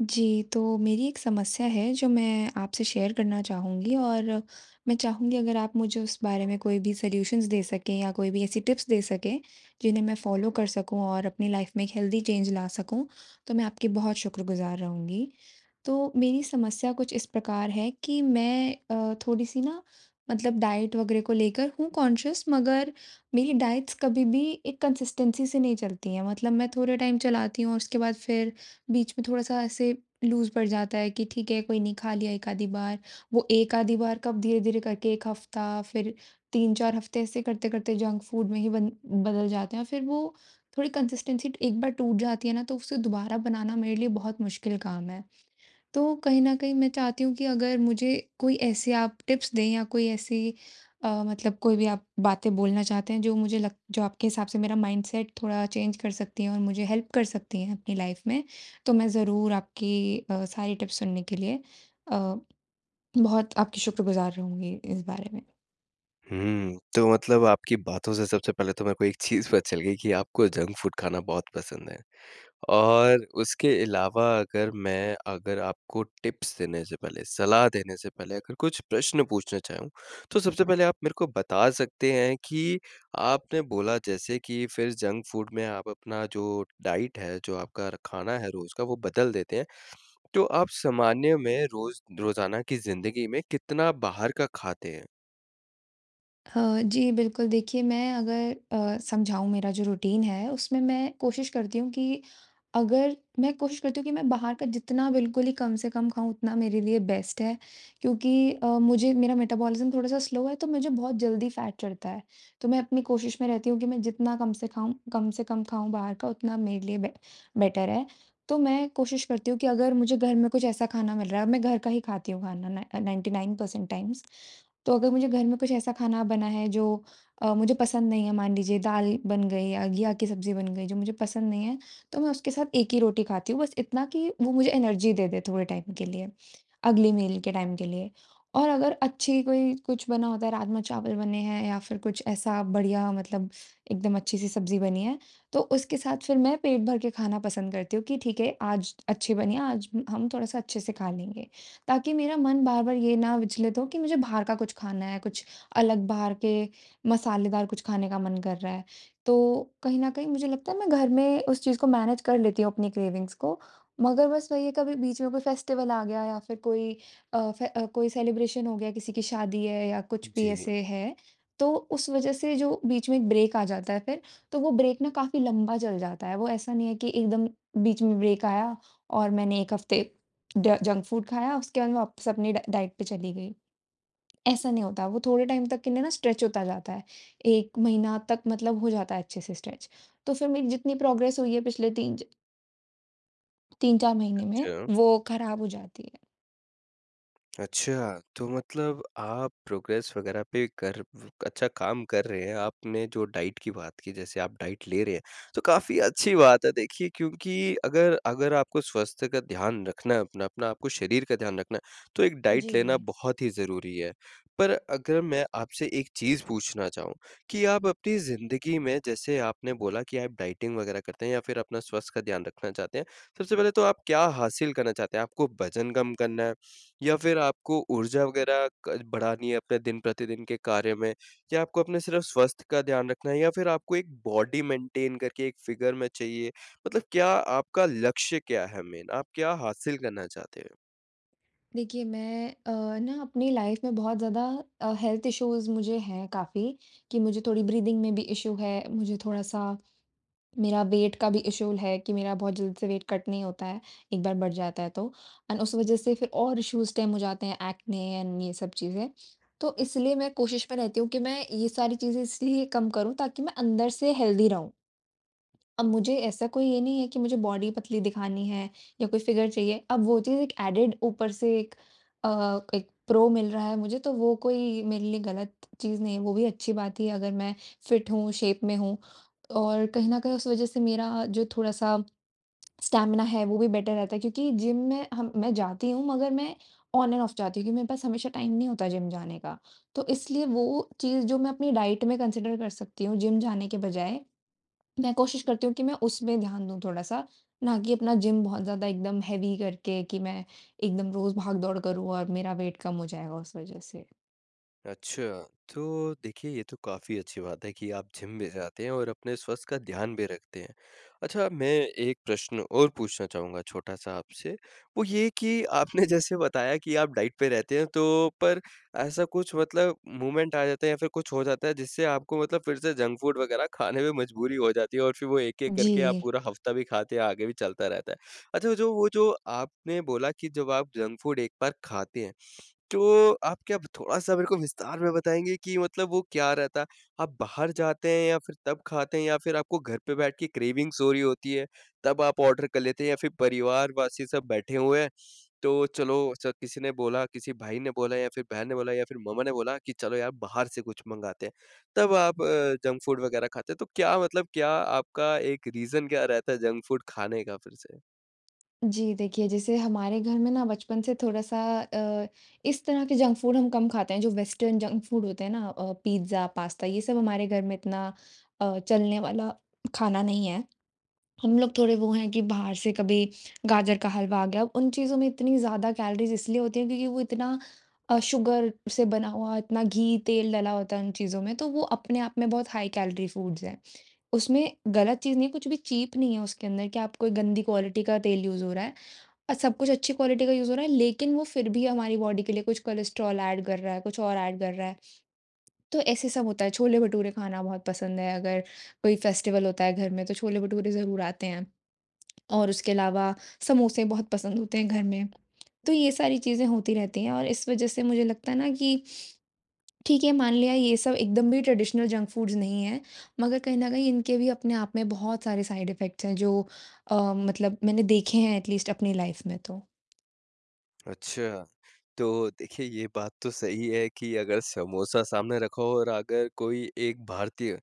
जी। तो मेरी एक समस्या है जो मैं आपसे शेयर करना चाहूँगी। और मैं चाहूँगी अगर आप मुझे उस बारे में कोई भी सॉल्यूशन्स दे सकें या कोई भी ऐसी टिप्स दे सकें, जिन्हें मैं फॉलो कर सकूँ और अपनी लाइफ़ में एक हेल्थी चेंज ला सकूँ। तो मैं आपकी बहुत शुक्रगुज़ार रहूँगी। तो मेरी समस्या कुछ इस प्रकार है कि मैं अ, थोड़ी-सी ना मतलब डाइट वगैरह को लेकर हूँ कॉन्शियस मगर मेरी डाइट्स कभी भी एक कंसिस्टेन्सी से नहीं चलती है। मतलब मैं थोड़े टाइम चलाती हूँ और उसके बाद फिर बीच में थोड़ा सा ऐसे लूज़ पड़ जाता है कि ठीक है कोई नहीं खा लिया एक आधी बार। वो एक आधी बार कब धीरे-धीरे करके 1 हफ्ता फिर 3-4 हफ्ते ऐसे करते करते जंक फूड में ही ब बदल जाते हैं। और फिर वो थोड़ी कंसिस्टेन्सी एक बार टूट जाती है ना तो उसे दोबारा बनाना मेरे लिए बहुत मुश्किल काम है। तो कहीं न कहीं मैं चाहती हूँ कि अगर मुझे कोई ऐसी आप टिप्स दें या कोई ऐसी अ, मतलब कोई भी आप बातें बोलना चाहते हैं जो मुझे लग जो आपके हिसाब से मेरा माइंडसेट थोड़ा चेंज कर सकती है और मुझे हेल्प कर सकती हैं अपनी लाइफ में, तो मैं ज़रूर आपकी अ, सारी टिप्स सुनने के लिए अ, बहुत आपकी शुक्रगुज़ार रहूँगी इस बारे में। हुँ। तो मतलब आपकी बातों से सबसे पहले तो मेरे को एक चीज़ पता चल गई कि आपको जंक फ़ूड खाना बहुत पसंद है। और उसके अलावा अगर मैं अगर आपको टिप्स देने से पहले, सलाह देने से पहले अगर कुछ प्रश्न पूछना चाहूँ, तो सबसे पहले आप मेरे को बता सकते हैं कि आपने बोला जैसे कि फिर जंक फ़ूड में आप अपना जो डाइट है, जो आपका खाना है रोज़ का वो बदल देते हैं। तो आप सामान्य में रोज़ रोज़ाना की ज़िन्दगी में कितना बाहर का खाते हैं। हाँ जी, बिल्कुल। देखिए मैं अगर अ, समझाऊँ मेरा जो रूटीन है उसमें मैं कोशिश करती हूँ कि अगर मैं कोशिश करती हूँ कि मैं बाहर का जितना बिल्कुल ही कम से कम खाऊँ उतना मेरे लिए बेस्ट है। क्योंकि अ, मुझे मेरा मेटाबॉलिज़्म थोड़ा-सा स्लो है तो मुझे बहुत जल्दी फ़ैट चढ़ता है। तो मैं अपनी कोशिश में रहती हूँ कि मैं जितना कम से खाऊँ कम से कम खाऊँ बाहर का उतना मेरे लिए बेट बेटर है। तो मैं कोशिश करती हूँ कि अगर मुझे घर में कुछ ऐसा खाना मिल रहा है, अब मैं घर का ही खाती हूँ खाना न 99% टाइम्स। तो अगर मुझे घर में कुछ ऐसा खाना बना है जो अ, मुझे पसंद नहीं है मान लीजिए दाल बन गई या घिया की सब्जी बन गई जो मुझे पसंद नहीं है तो मैं उसके साथ 1 ही रोटी खाती हूँ, बस इतना कि वो मुझे एनर्जी दे दे थोड़े टाइम के लिए, अगली मील के टाइम के लिए। और अगर अच्छी कोई कुछ बना होता है राजमा-चावल बने हैं या फिर कुछ ऐसा बढ़िया मतलब एकदम अच्छी-सी सब्जी बनी है तो उसके साथ फिर मैं पेट भर के खाना पसंद करती हूँ कि ठीक है आज अच्छी बनी है आज हम थोड़ा-सा अच्छे से खा लेंगे। ताकि मेरा मन बार-बार ये ना विचलित हो कि मुझे बाहर का कुछ खाना है, कुछ अलग बाहर के मसालेदार कुछ खाने का मन कर रहा है। तो कहीं न कहीं मुझे लगता है मैं घर में उस चीज़ को मैनेज़ कर लेती हूँ अपनी क्रेविंग्स को मगर बस वही है कभी बीच में कोई फ़ेस्टिवल आ गया या फिर कोई अ, फे कोई सेलिब्रेशन हो गया, किसी की शादी है या कुछ भी जी। ऐसे है। तो उस वज़ह से जो बीच में एक ब्रेक आ जाता है फिर तो वो ब्रेक न काफ़ी लंबा चल जाता है। वो ऐसा नहीं है कि एकदम बीच में ब्रेक आया और मैंने एक हफ़्ते ड जंक फूड खाया उसके बाद मैं वापस अपनी ड डाइट पे चली गई। ऐसा नहीं होता। वो थोड़े टाइम तक के लिए न स्ट्रेच होता जाता है। 1 महीना तक मतलब हो जाता है अच्छे-से स्ट्रेच। तो फिर मेरी जितनी प्रोग्रेस हुई है पिछले 3 ज 3-4 महीने में अच्छा। वो खराब हो जाती है। अच्छा! तो मतलब आप प्रोग्रेस वग़ैरह पे कर व अच्छा काम कर रहे हैं। आपने जो डाइट की बात की जैसे आप डाइट ले रहे हैं तो काफ़ी अच्छी बात है। देखिए क्योंकि अगर अगर आपको स्वास्थ्य का ध्यान रखना है अपना, अपना आपको शरीर का ध्यान रखना है तो एक डाइट लेना जी। बहुत ही ज़रूरी है। पर अगर मैं आपसे एक चीज़ पूछना चाहूँ कि आप अपनी ज़िन्दगी में जैसे आपने बोला कि आप डाइटिंग वग़ैरह करते हैं या फिर अपना स्वास्थ्य का ध्यान रखना चाहते हैं। सबसे पहले तो आप क्या हासिल करना चाहते हैं? आपको वजन कम करना है? या फिर आपको ऊर्जा वग़ैरह क बढ़ानी है अपने दिन-प्रतिदिन के कार्य में? या आपको अपने सिर्फ़ स्वास्थ्य का ध्यान रखना है? या फिर आपको एक बॉडी मेंटेन करके एक फ़िगर में चाहिए? मतलब क्या आपका लक्ष्य क्या है मेन? आप क्या हासिल करना चाहते हैं? देखिए मैं अ, न अपनी लाइफ़ में बहुत ज़्यादा अ, हेल्थ इश्यूज़ मुझे हैं काफ़ी। कि मुझे थोड़ी ब्रीथिंग में भी इश्यू है, मुझे थोड़ा-सा मेरा वेट का भी इश्यू है कि मेरा बहुत जल्दी से वेट कट नहीं होता है, एक बार बढ़ जाता है तो। एंड उस वजह से फिर और इश्यूज़ स्टेम हो जाते हैं ऐक्ने एंड ये सब चीज़ें। तो इसलिए मैं कोशिश में रहती हूँ कि मैं ये सारी चीज़ें इसलिए कम करूँ ताकि मैं अंदर से हेल्थी रहूँ। अब मुझे ऐसा कोई ये नहीं है कि मुझे बॉडी पतली दिखानी है या कोई फ़िगर चाहिए। अब वो चीज़ एक एडेड ऊपर से एक अ, एक प्रो मिल रहा है मुझे तो वो कोई मेरे लिए गलत चीज़ नहीं है। वो भी अच्छी बात ही है अगर मैं फिट हूँ, शेप में हूँ। और कहीं न कहीं उस वजह से मेरा जो थोड़ा-सा स्टैमिना है वो भी बेटर रहता है। क्योंकि जिम में हम मैं जाती हूँ मगर मैं ऑन एंड ऑफ जाती हूँ क्योंकि मेरे पास हमेशा टाइम नहीं होता जिम जाने का। तो इसलिए वो चीज़ जो मैं अपनी डाइट में कंसीडर कर सकती हूँ जिम जाने के बजाय मैं कोशिश करती हूँ कि मैं उसमें ध्यान दूँ थोड़ा-सा। ना कि अपना जिम बहुत ज़्यादा एकदम हेवी करके कि मैं एकदम रोज़ भाग दौड़ करूँ और मेरा वेट कम हो जाएगा उस वजह से। अच्छा, तो देखिए ये तो काफ़ी अच्छी बात है कि आप जिम भी जाते हैं और अपने स्वस्थ का ध्यान भी रखते हैं। अच्छा मैं एक प्रश्न और पूछना चाहूँगा छोटा-सा आपसे वो ये कि आपने जैसे बताया कि आप डाइट पे रहते हैं तो पर ऐसा कुछ मतलब मूवमेंट आ जाता है या फिर कुछ हो जाता है। जिससे आपको मतलब फिर से जंक फूड वगैरह खाने में मजबूरी हो जाती है और फिर वो एक-एक जी। करके आप पूरा हफ्ता भी खाते हैं, आगे भी चलता रहता है। अच्छा जो वो जो आपने बोला कि जब आप जंक फूड एक बार खाते हैं। तो आप क्या थोड़ा-सा मेरे को विस्तार में बताएँगे कि मतलब वो क्या रहता है। आप बाहर जाते हैं या फिर तब खाते हैं या फिर आपको घर पे बैठ के क्रेविंग्स हो रही होती है तब आप ऑर्डर कर लेते है। या फिर परिवार वासी सब बैठे हुए हैं तो चलो च किसी ने बोला किसी भाई ने बोला या फिर बहन ने बोला या फिर मम्मा ने बोला कि चलो यार बाहर से कुछ मँगाते हैं। तब आप अ, जंक फूड वग़ैरह खाते हैं तो क्या मतलब क्या आपका एक रीजन क्या रहता है जंक फूड खाने का फिर से। जी। देखिए जैसे हमारे घर में ना बचपन से थोड़ा-सा अ, इस तरह के जंक फूड हम कम खाते हैं जो वेस्टर्न जंक फूड होते हैं ना अ, पिज्जा, पास्ता ये सब हमारे घर में इतना अ, चलने वाला खाना नहीं है। हम लोग थोड़े वो हैं कि बाहर से कभी गाजर का हलवा आ गया उन चीज़ों में इतनी ज़्यादा कैलोरीज इसलिए होती है। क्योंकि वो इतना अ, शुगर से बना हुआ, इतना घी-तेल डाला होता है उन चीज़ों में तो वो अपने आप में बहुत हाई-कैलोरी फूड्स है। उसमें गलत चीज़ नहीं है, कुछ भी चीप नहीं है उसके अंदर कि आप कोई गंदी क्वालिटी का तेल यूज़ हो रहा है। अ, सब कुछ अच्छी क्वालिटी का यूज़ हो रहा है लेकिन वो फिर भी हमारी बॉडी के लिए कुछ कोलेस्ट्रॉल एड कर रहा है, कुछ और एड कर रहा है। तो ऐसे सब होता है छोले-भटूरे खाना बहुत पसंद है अगर कोई फेस्टिवल होता है घर में तो छोले-भटूरे ज़रूर आते हैं और उसके अलावा समोसे बहुत पसंद होते हैं घर में, तो ये सारी चीज़ें होती रहती हैं। और इस वज़ह से मुझे लगता है ना कि ठीक है मान लिया ये सब एकदम भी ट्रेडिशनल जंक फूड्स नहीं है। मगर कहीं न कहीं इनके भी अपने आप में बहुत सारे साइड इफेक्ट्स हैं जो अ, मतलब मैंने देखे हैं एटलीस्ट अपनी लाइफ़ में तो। अच्छा। तो देखिए ये बात तो सही है कि अगर समोसा सामने रखा हो और अगर कोई एक भारतीय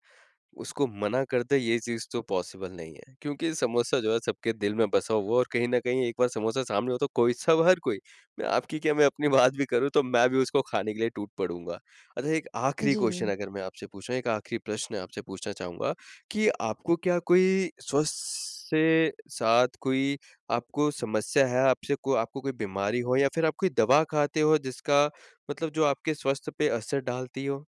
उसको मना कर दे, ये चीज़ तो पॉसिबल नहीं है। क्योंकि समोसा जो है सबके दिल में बसा हुआ और कहीं न कहीं एक बार समोसा सामने हो तो कोई सब हर कोई मैं आपकी क्या मैं अपनी बात भी करूँ, तो मैं भी उसको खाने के लिए टूट पड़ूँगा। अच्छा एक आखिरी क्वेश्चन जी। अगर मैं आपसे पूछूँ एक आखिरी प्रश्न आपसे पूछना चाहूँगा, कि आपको क्या कोई स्वस्थ से साथ कोई आपको समस्या है। आपसे को आपको कोई बीमारी हो या फिर आप कोई दवा खाते हो जिसका मतलब जो आपके स्वास्थ्य पे असर डालती हो?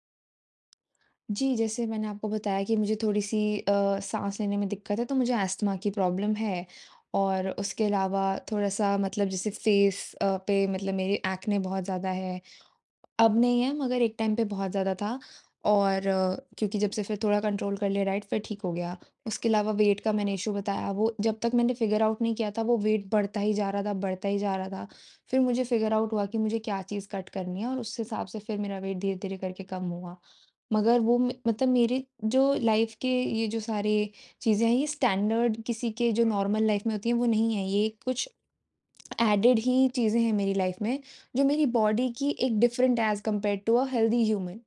जी, जैसे मैंने आपको बताया कि मुझे थोड़ी-सी अ, साँस लेने में दिक्कत है तो मुझे अस्थमा की प्रॉब्लम है। और उसके अलावा थोड़ा-सा मतलब जैसे फेस अ, पे मतलब मेरे एक्ने बहुत ज़्यादा है। अब नहीं है मगर एक टाइम पे बहुत ज़्यादा था और क्योंकि जब से फिर थोड़ा कंट्रोल कर लिया डाइट फिर ठीक हो गया। उसके अलावा वेट का मैंने इश्यू बताया वो जब तक मैंने फिगर आउट नहीं किया था वो वेट बढ़ता ही जा रहा था बढ़ता ही जा रहा था। फिर मुझे फिगर आउट हुआ कि मुझे क्या चीज़ कट करनी है और उस हिसाब से फिर मेरा वेट धीरे-धीरे करके कम हुआ। मगर वो में मतलब मेरी जो लाइफ़ के ये जो सारे चीज़ें हैं ये स्टैंडर्ड किसी के जो नॉर्मल लाइफ़ में होती है वो नहीं है ये कुछ एडेड ही चीज़ें हैं मेरी लाइफ में जो मेरी बॉडी की एक different as compared to uh, healthy human.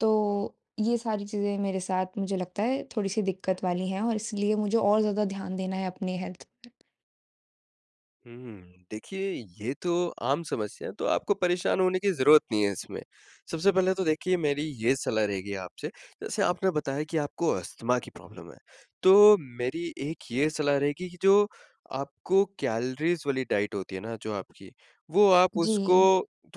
तो ये सारी चीज़ें मेरे साथ मुझे लगता है थोड़ी-सी दिक्कत वाली हैं और इसलिए मुझे और ज़्यादा ध्यान देना है अपनी हेल्थ हुँ, हुँ। देखिए, ये तो आम समस्या है, तो आपको परेशान होने की ज़रूरत नहीं है इसमें। सबसे पहले तो देखिए, मेरी ये सलाह रहेगी आपसे, जैसे आपने बताया कि आपको अस्थमा की प्रॉब्लम है, तो मेरी एक ये सलाह रहेगी कि जो आपको कैलरीज़ वाली डाइट होती है ना जो आपकी, वो आप उसको जी।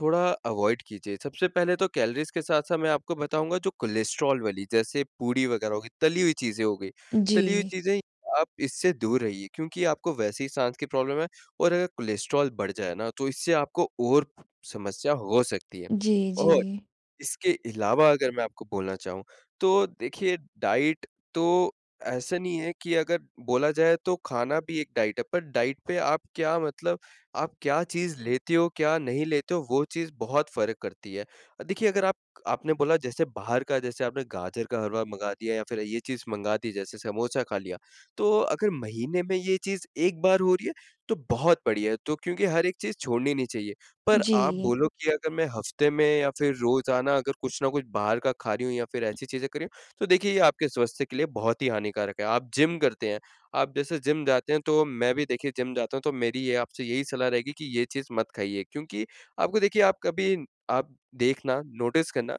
थोड़ा अवॉइड कीजिए। सबसे पहले तो कैलरीज़ के साथ-साथ मैं आपको बताऊँगा, जो कोलेस्ट्रोल वाली, जैसे पूरी वगैरह हो गईं, तली हुई चीज़ें हो गईं, तली हुई जी। चीज़ें, आप इससे दूर रहिए क्योंकि आपको वैसे ही साँस की प्रॉब्लम है और अगर कोलेस्ट्रोल बढ़ जाए ना, तो इससे आपको और समस्या हो सकती है जी, और जी। इसके अलावा अगर मैं आपको बोलना चाहूँ, तो देखिए, डाइट तो ऐसा नहीं है कि अगर बोला जाए, तो खाना भी एक डाइट है, पर डाइट पे आप क्या मतलब आप क्या चीज़ लेते हो, क्या नहीं लेते हो, वो चीज़ बहुत फ़र्क करती है। देखिए, अगर आप आपने बोला, जैसे बाहर का जैसे आपने गाजर का हलवा मँगा दिया या फिर ये चीज़ मँगा दी, जैसे समोसा खा लिया, तो अगर महीने में ये चीज़ एक बार हो रही है, तो बहुत बढ़िया है, तो क्योंकि हर एक चीज़ छोड़नी नहीं चाहिए। पर आप जी। बोलो कि, "अगर मैं हफ़्ते में या फिर रोज़ाना अगर कुछ न कुछ बाहर का खा रही हूँ या फिर ऐसी चीज़ें कर रही हूँ।" तो देखिए, ये आपके स्वास्थ्य के लिए बहुत ही हानिकारक है। आप जिम करते हैं। आप जैसे जिम जाते हैं, तो मैं भी, देखिए, जिम जाता हूँ, तो मेरी ये आपसे यही सलाह रहेगी कि ये चीज़ मत खाइए क्योंकि आपको देखिए, आप कभी आप देखना, नोटिस करना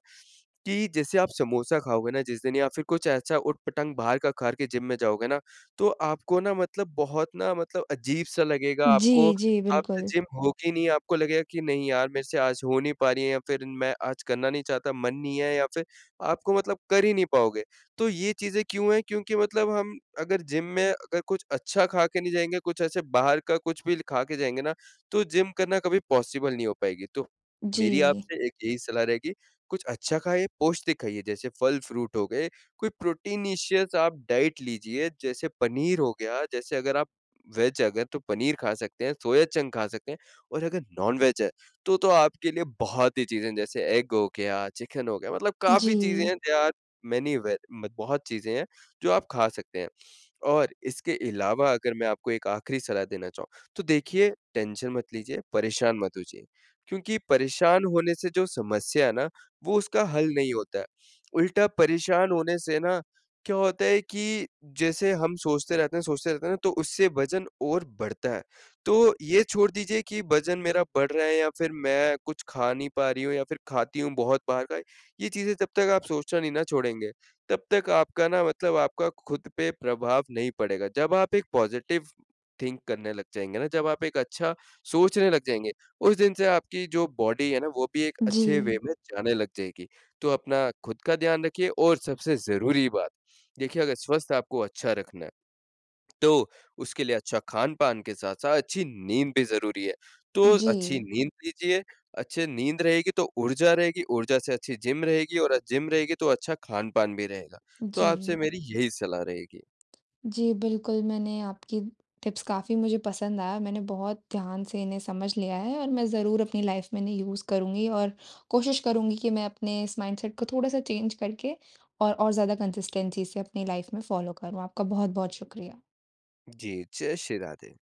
कि जैसे आप समोसा खाओगे ना जिस दिन या फिर कुछ ऐसा उट-पटाँग बाहर का खा के जिम में जाओगे ना, तो आपको ना मतलब बहुत ना मतलब अजीब-सा लगेगा आपको। जी, जी, आप से बिल्कुल। जिम होगी नहीं, आपको लगेगा कि नहीं यार, मेरे से आज हो नहीं पा रही है या फिर मैं आज करना नहीं चाहता, मन नहीं है या फिर आपको मतलब कर ही नहीं पाओगे। तो ये चीज़ें क्यों है? क्योंकि मतलब हम अगर जिम में अगर कुछ अच्छा खा के नहीं जाएँगे, कुछ ऐसे बाहर का कुछ भी खा के जाएँगे ना, तो जिम करना कभी पॉसिबल नहीं हो पाएगी। तो मेरी जी। आपसे एक यही सलाह रहेगी, कुछ अच्छा खाइए, पौष्टिक खाइए, जैसे फल फ्रूट हो गए, कोई प्रोटीनिशियस आप डाइट लीजिए, जैसे पनीर हो गया। जैसे अगर आप वेज हैं अगर, तो पनीर खा सकते हैं, सोया चंक खा सकते हैं और अगर नॉन वेज है, तो तो आपके लिए बहुत ही चीज़ें हैं, जैसे एग हो गया, चिकन हो गया मतलब काफ़ी चीज़ें जी। हैं, देयर आर मैनी वेद मत बहुत चीज़ें हैं, जो आप खा सकते हैं। और इसके अलावा अगर मैं आपको एक आख़िरी सलाह देना चाहूँ, तो देखिए, टेंशन मत लीजिए, परेशान मत होजिए, क्योंकि परेशान होने से जो समस्या है ना, वो उसका हल नहीं होता है। उल्टा परेशान होने से ना क्या होता है कि जैसे हम सोचते रहते हैं सोचते रहते हैं ना, तो उससे वज़न और बढ़ता है, तो ये छोड़ दीजिये कि वज़न मेरा बढ़ रहा है या फिर मैं कुछ खा नहीं पा रही हूँ या फिर खाती हूँ बहुत बाहर का। ये चीज़ें जब तक आप सोचना नहीं ना छोड़ेंगे, तब तक आपका ना मतलब आपका खुद पे प्रभाव नहीं पड़ेगा। जब आप एक पॉज़िटिव थिंक करने लग जाएँगे ना, जब आप एक अच्छा सोचने लग जाएँगे, उस दिन से आपकी जो बॉडी है ना, वो भी एक अच्छे वे जी। में जाने लग जाएगी। तो अपना खुद का ध्यान रखिये और सबसे ज़रूरी बात, देखिए, अगर स्वास्थ्य आपको अच्छा रखना है, तो उसके लिए अच्छा खान-पान के साथ-साथ अच्छी नींद भी ज़रूरी है। तो अच्छी जी। नींद लीजिए, अच्छे नींद रहेगी, तो ऊर्जा रहेगी, ऊर्जा से अच्छी जिम रहेगी और जिम रहेगी, तो अच्छा खान-पान भी रहेगा। तो आपसे जी। मेरी यही सलाह रहेगी। जी, बिल्कुल, मैंने आपकी टिप्स काफ़ी मुझे पसंद आया। मैंने बहुत ध्यान से इन्हें समझ लिया है और मैं ज़रूर अपनी लाइफ़ में इन्हें यूज़ करुँगी और कोशिश करुँगी कि मैं अपने इस माइंडसेट को थोड़ा-सा चेंज करके और और ज़्यादा कंसिस्टेंसी से अपनी लाइफ़ में फ़ॉलो करूँ। आपका बहुत-बहुत शुक्रिया। जी। जय श्री राधे।